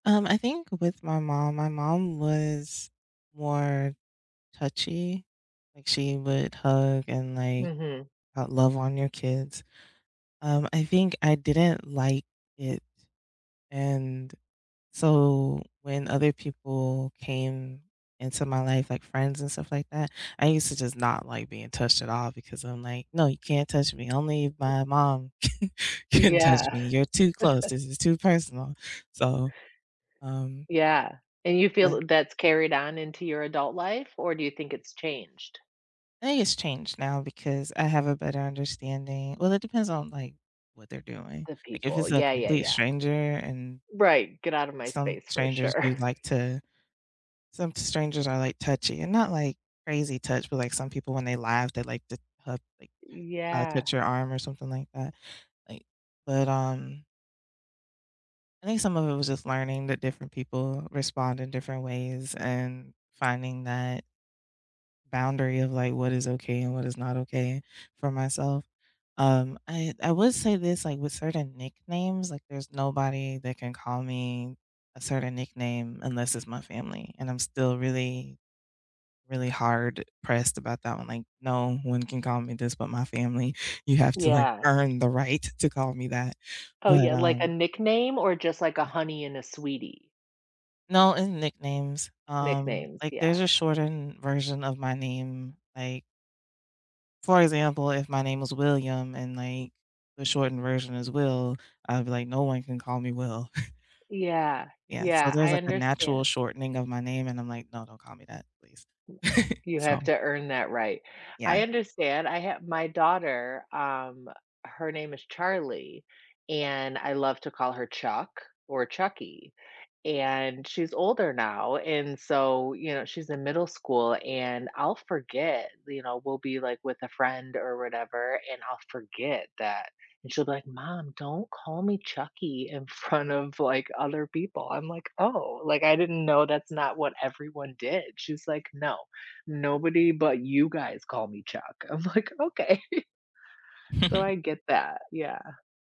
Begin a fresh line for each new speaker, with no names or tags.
Um, I think with my mom my mom was more touchy, like, she would hug and, like,
Mhm.
love on your kids. Um, I think I didn't like it and so, when other people came into my life, like, friends and stuff, like, that, I used to just not like being touched at all because I'm, like, "No, you can't touch me only
Y
my mom can can touch
Yeah.
me, you're too close, this is too personal." So, um
Yeah. And you feel
But
that that's carried on into your adult life, or do you think it's changed?
I think it's changed now because I have a better understanding well, it depends on, like, what they're doing.
The
Like, if
people.
it's a
Yeah, yeah,
complete
yeah
stranger and
Right. Get out of my
some
space for
strangers
sure.
do like to some strangers are like touchy and not, like, crazy touch, but like some people when they laugh, they like to h uh, like,
Y
touch
yeah.
your arm or something like that, like But, um I think some of it was just learning that different people respond in different ways and finding that boundary of, like, what is okay and what is not okay for myself. Um I I would say this, with certain nicknames, like, there's nobody that can call me a certain nickname unless it's my family. And I'm still really, really hard pressed about that one, like, "No one can call me this but my family." You have to, like,
Yeah.
earn the right to call me that.
Oh,
But,
yeah, like a
um
nickname or just, like, a
Yeah.
honey and a sweetie?
No. And nicknames, um,
Nicknames,
like, there's
yeah.
a shortened version of my name. Like For example, if my name was William and, like, the shortened version is Will, I'd be, like, "No one can call me Will."
Yeah,
Yeah. So,
yeah,
there's,
I
like, a natural
understand.
shortening of my name and I'm, like, "No, don't call me that please."
You
So
have to earn that right.
Yeah.
I understand I have my daughter, um, her name is Charlie and I love to call her Chuck or Chuckie and she's older now, and so you know, she's in middle school and I'll forget you know, we'll be, like, with a friend or whatever and I'll forget that and she'll be, like, "Mom don't call me Chuckie in front of, like, other people." I'm, like, "Oh, like, I didn't know that's not what everyone did." She's, like, "No, nobody but you guys call me Chuck." I'm, like," Okay." So, I get that, yeah.